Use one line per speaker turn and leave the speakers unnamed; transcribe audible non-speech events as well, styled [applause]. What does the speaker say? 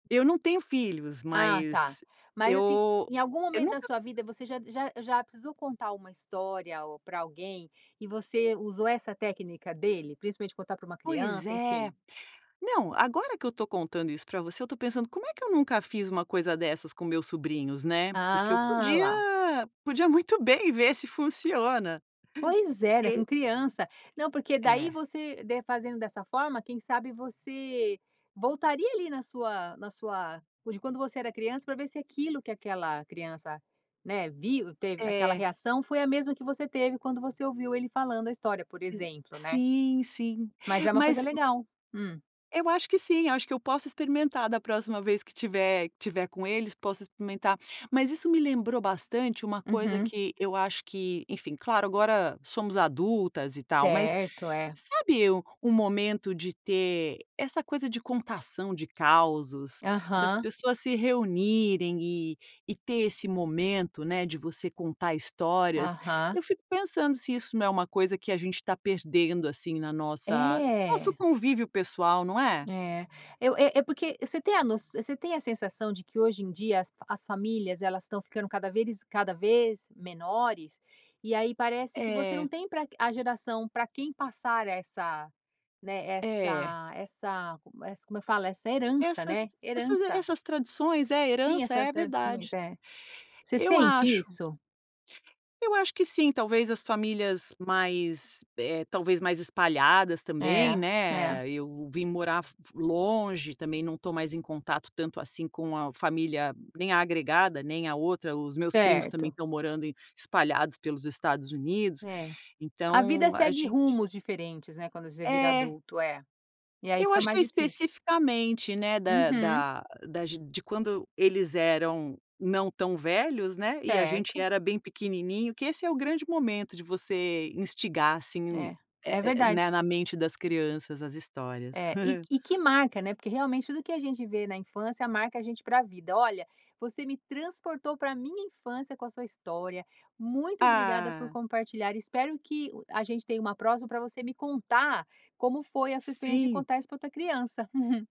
Eu não tenho filhos,
Ah tá.
mas
Mas assim,
eu
em algum
eu
momento da
nunca
sua vida, você já já já precisou contar uma história ou para alguém, e você usou essa técnica dele? Principalmente contar para uma
Pois
criança,
é.
enfim.
Não, agora que eu estou contando isso para você, estou pensando como é que eu nunca fiz uma coisa dessas com meus sobrinhos, né, porque eu
Ah, a lá.
podia podia muito bem ver se funciona,
Pois é, né,
se
com
e
criança. Não, porque daí
É.
você de fazendo dessa forma, quem sabe você voltaria ali na sua na sua, p de quando você era criança, para ver se aquilo que aquela criança, né, viu teve aquela
É.
reação, foi a mesma que você teve quando você ouviu ele falando a história, por
Exa
exemplo, né.
Sim, sim,
Mas é uma coisa
mas
legal. Hum.
Eu acho que sim, acho que eu posso experimentar da próxima vez que tiver tiver com eles, posso experimentar. Mas isso me lembrou bastante uma coisa
Uhum.
que eu acho que, enfim, claro, agora somos adultas e tal. Mas
Certo, é.
sabe um momento de ter essa coisa de contação de causos, das
Aham.
pessoas se reunirem e e ter esse momento, né, de você contar histórias.
Aham.
Eu fico pensando se isso não é uma coisa que a gente está perdendo assim na nossa nosso
É.
convívio pessoal, não é?
É, eu é é porque você tem a noç você tem a sensação de que hoje em dia as as famílias elas estão ficando cada veriz cada vez menores e aí parece que você não
É.
tem pra a geração para quem passar essa né,
É.
essa essa como ess como eu falo, essa herança,
Essas
né,
essas
herança.
essas tradições é
Tinha
herança, é
essas tradições,
verdade.
é. Você
Eu
sente
acho.
isso?
Eu acho que sim, talvez as famílias mais eh talvez mais espalhadas
É,
também,
é.
né. Eu vim morar fo longe. Também não estou mais em contato tanto assim com a família, nem a agregada, nem a outra. Os meus primos também
Certo.
estão morando em espalhados pelos Estados Unidos,
É. A vida
então a
segue
gente
rumos diferentes, né, quando você vira
É.
adulto é, e aí
Eu
fica
acho que
mais
eu
difícil.
especificamente, né, da
Uhum.
da das de quando eles eram não tão velhos, né, e a gente
Certo.
era bem pequenininho, que esse é o grande momento de você instigar assim,
É,
eh
é
eh eh, né,
verdade.
na mente das crianças as histórias.
É, e
[chuckles]
e que marca, né, porque realmente tudo que a gente vê na infância marca a gente pra vida. Olha, você me transportou para minha infância com a sua história. Muito obrigada por
Ah.
compartilhar. Espero que a gente tenha uma próxima, para você me contar como foi a sua experiência de
Sim.
contar isso para outra criança. [chuckles]